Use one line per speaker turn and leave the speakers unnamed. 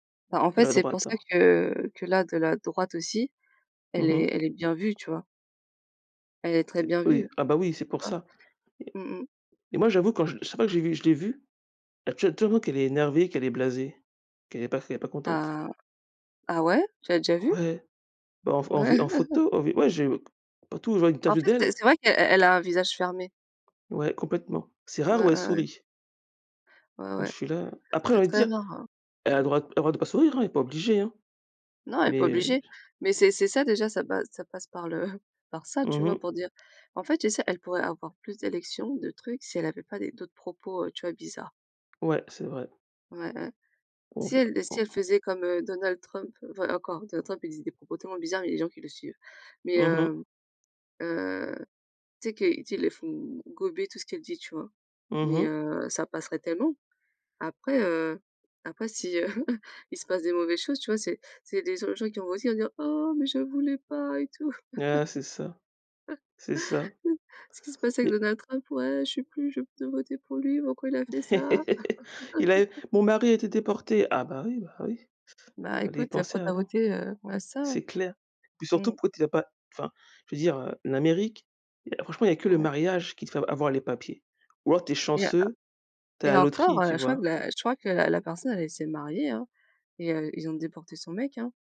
Bah, en
De
fait,
la
c'est pour ça
droite.
que que là, de la droite aussi,
Mmh
elle est
mh.
elle est bien vue, tu vois? Elle est très
C'est p
bien
oui.
vue.
Ah,
Tu
bah, oui, c'est pour
vois?
ça,
Mmh mh.
et et moi, j'avoue, quand chaque fois, que j'ai vue que je l'ai vue, tu as te tu vois qu'elle est énervée, qu'elle est blasée, qu'elle est pas s qu'elle est pas contente.
Ah! Ah ouais? Tu l'as déjà vue?
Ouais, bah, en v en v
Ouais!
en photo, en vid ouais, j'ai partout où je vois une
En
interview
fait, c'est
d'elle
c'est vrai qu'elle elle a un visage fermé.
Ouais, complètement, c'est rare où
Ouais,
elle
ouais, ouais.
sourit.
Ouais,
Donc
ouais,
je suis là, heu après j'ai
c'est
envie de
très
dire:
rare, hein.
«Elle a le
Mmh.
droit elle a le droit de pas sourire hein, elle est pas obligée, hein»,
Non, elle est pas
mais je je
obligée, mais c'est c'est ça, déjà, ça pas ça passe par le par ça,
Mmh
tu vois?
mh.
Pour dire en fait, tu sais, elle pourrait avoir plus d'élections, de trucs si elle avait pas des d'autres propos, heu, tu vois, bizarres.
Ouais, c'est vrai.
Ouais, ouais.
On
Si
v
elle si
on
elle faisait comme, heu, Donald Trump, enfin, encore, Donald Trump, il disait des propos tellement bizarres et il y a des gens qui le suivent, mais
Mmh mh.
hem, heu, tu sais que tu sais, ils les font gober tout ce qu'elle dit, tu vois?
Mmh
Mais
mh.
heu, ça passerait tellement. Après, heu, après si, heu, il se passe des mauvaises choses, tu vois, c'est des des genres de gens, eux aussi, qui vont dire: «Oh mais je voulais pas» et tout.
Ouais, c'est ça, c'est ça.
C'est ce qui se passe avec
Et
Donald Trump: «Ouais, je sais plus, je veux plus voter pour lui, pourquoi il a fait ça?»
«Il a é mon mari a été déporté» Ah, bah, oui, bah, oui,
«Bah,
fallait y
écoute, heu,
penser
pourquoi tu as
avant.
voté?» heu, ouais, c'est ça
C'est clair, et puis surtout,
hein.
pourquoi tu l'a pas enfin, je veux dire, heu, l'Amérique, franchement, il y a que le
Ouais.
mariage qui te fait av avoir les papiers, ou alors tu es
Et en
chanceux, tu es à
et
la
encore,
loterie, tu
heu, je crois que
vois?
la je crois que la la personne, elle s'est mariée, hein et heu, ils ont déporté son mec, hein.